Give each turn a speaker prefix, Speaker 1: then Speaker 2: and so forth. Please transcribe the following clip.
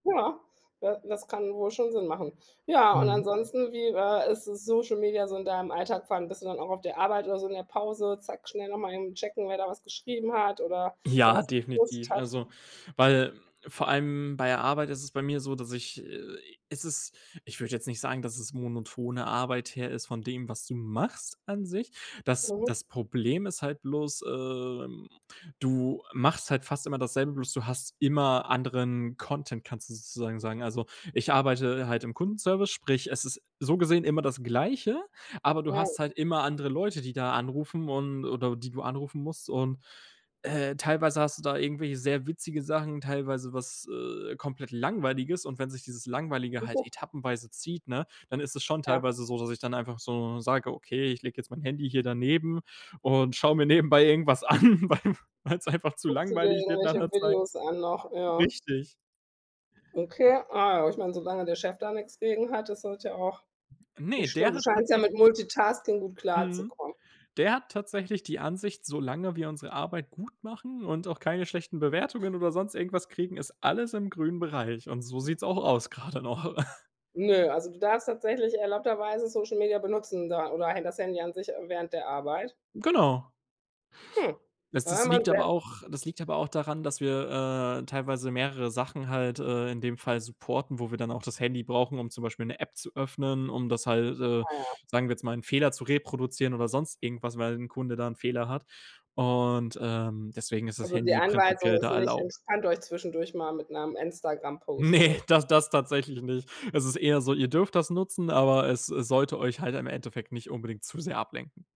Speaker 1: Ja, da das kann wohl schon Sinn machen. Ja, und
Speaker 2: Mhm.
Speaker 1: ansonsten, wie war ist das Social Media so in deinem Alltag? Vor allem bist du dann auch auf der Arbeit oder so in der Pause, zack, schnell noch mal eben checken, wer da was geschrieben hat oder wer
Speaker 2: Ja,
Speaker 1: was gepostet
Speaker 2: definitiv,
Speaker 1: hat?
Speaker 2: also, weil vor allem bei der Arbeit ist es bei mir so, dass ich, es ist ich würde jetzt nicht sagen, dass es monotone Arbeit her ist von dem, was du machst an sich. Das
Speaker 1: Mhm.
Speaker 2: das Problem ist halt bloß, ähm, du machst halt fast immer dasselbe, bloß du hast immer anderen Content, kannst du sozusagen sagen. Also ich arbeite halt im Kundenservice, sprich, es ist so gesehen immer das Gleiche, aber du
Speaker 1: Ja.
Speaker 2: hast halt immer andere Leute, die da anrufen und oder die du anrufen musst und, äh, teilweise hast du da irgendwelche sehr witzige Sachen, teilweise was, äh, komplett Langweiliges und wenn sich dieses Langweilige halt
Speaker 1: Sicher?
Speaker 2: etappenweise zieht, ne, dann ist es schon
Speaker 1: Ja.
Speaker 2: teilweise so, dass ich dann einfach so sage: „Okay, ich lege jetzt mein Handy hier daneben und schaue mir nebenbei irgendwas an, weil weil's einfach zu
Speaker 1: Guckst du dir
Speaker 2: langweilig wird nach
Speaker 1: irgendwelche
Speaker 2: 'ner Zeit.“
Speaker 1: Videos an noch? Ja.
Speaker 2: Richtig.
Speaker 1: Okay. Ah, ich meine, solange der Chef da nix gegen hat, ist das ja auch
Speaker 2: Ne,
Speaker 1: nicht schlimm.
Speaker 2: der
Speaker 1: Du
Speaker 2: hat
Speaker 1: scheinst ja mit
Speaker 2: tatsächlich
Speaker 1: Multitasking gut
Speaker 2: Mhm.
Speaker 1: klarzukommen.
Speaker 2: Der hat tatsächlich die Ansicht, solange wir unsere Arbeit gut machen und auch keine schlechten Bewertungen oder sonst irgendwas kriegen, ist alles im grünen Bereich und so sieht's auch aus gerade noch.
Speaker 1: Nö, also du darfst tatsächlich erlaubterweise Social Media benutzen da oder halt das Handy an sich während der Arbeit?
Speaker 2: Genau.
Speaker 1: Hm.
Speaker 2: Es
Speaker 1: Das ist
Speaker 2: das
Speaker 1: ja mal
Speaker 2: liegt
Speaker 1: 'n
Speaker 2: aber
Speaker 1: sehr
Speaker 2: auch das liegt aber auch daran, dass wir, äh, teilweise mehrere Sachen halt, äh, in dem Fall supporten, wo wir dann auch das Handy brauchen, um zum Beispiel 'ne App zu öffnen, um das halt, äh
Speaker 1: Ah ja.
Speaker 2: sagen wir jetzt mal, 'n Fehler zu reproduzieren oder sonst irgendwas, weil 'n Kunde da Fehler hat und, ähm, deswegen ist das
Speaker 1: Also die
Speaker 2: Handy
Speaker 1: Anweisung
Speaker 2: prinzipiell
Speaker 1: ist
Speaker 2: da
Speaker 1: nicht:
Speaker 2: erlaubt.
Speaker 1: „Entspannt euch zwischendurch mal mit 'nem Instagram-Post“,
Speaker 2: Ne,
Speaker 1: oder
Speaker 2: das das tatsächlich nicht. Es ist eher so: „Ihr dürft das nutzen, aber es es sollte euch halt im Endeffekt nicht unbedingt zu sehr ablenken.“